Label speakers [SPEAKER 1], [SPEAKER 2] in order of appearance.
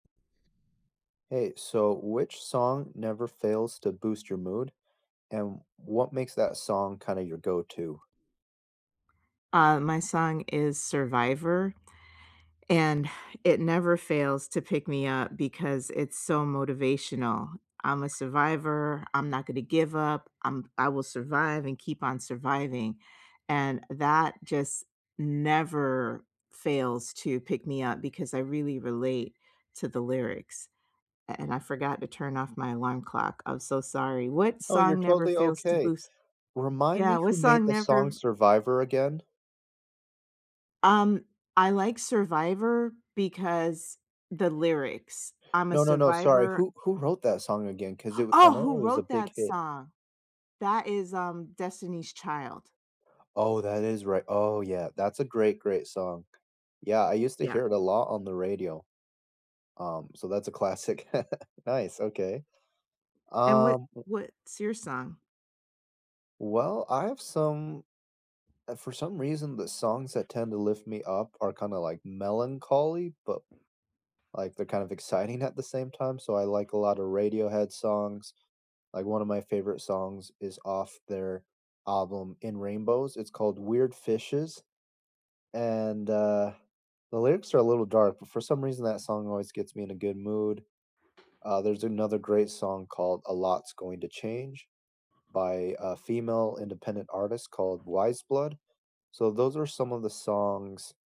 [SPEAKER 1] Hey, so which song never fails to boost your mood, and what makes that song kinda your go-to?
[SPEAKER 2] Uh, my song is Survivor, and it never fails to pick me up because it's so motivational, "I'm a survivor, I'm not gonna give up. I'm I will survive and keep on surviving," and that just never fails to pick me up because I really relate to the lyrics. An an I forgot to turn off my alarm clock, I'm so sorry. What
[SPEAKER 1] Oh, you're
[SPEAKER 2] song never
[SPEAKER 1] totally
[SPEAKER 2] fails to
[SPEAKER 1] okay.
[SPEAKER 2] boost
[SPEAKER 1] Remind
[SPEAKER 2] Yeah,
[SPEAKER 1] me
[SPEAKER 2] what
[SPEAKER 1] who made
[SPEAKER 2] song
[SPEAKER 1] the
[SPEAKER 2] never
[SPEAKER 1] song Survivor again?
[SPEAKER 2] Um, I like Survivor because the lyrics, "I'm a
[SPEAKER 1] No, no, no, sorry,
[SPEAKER 2] survivor"
[SPEAKER 1] who who wrote that song again? 'Cause it w I
[SPEAKER 2] Oh!
[SPEAKER 1] know
[SPEAKER 2] Who
[SPEAKER 1] it was a
[SPEAKER 2] wrote
[SPEAKER 1] big
[SPEAKER 2] that
[SPEAKER 1] hit.
[SPEAKER 2] song? That is, um, Destiny's Child.
[SPEAKER 1] Oh, that is right, oh yeah, that's a great, great song. Yeah, I used to
[SPEAKER 2] Yeah.
[SPEAKER 1] hear it a lot on the radio, um, so that's a classic. Nice, okay.
[SPEAKER 2] And what
[SPEAKER 1] Um, w
[SPEAKER 2] what's your song?
[SPEAKER 1] Well, I have some eh, for some reason, the songs that tend to lift me up are kinda, like, melancholy, but, like, they're kind of exciting at the same time. So, I like a lotta Radiohead songs, like, one of my favorite songs is off their album In Rainbows, it's called Weird Fishes, and, uh, the lyrics are a little dark, but for some reason that song always gets me in a good mood. Uh, there's another great song called A Lot's Going to Change by a female, independent artist called Weyes Blood. So, those are some of the songs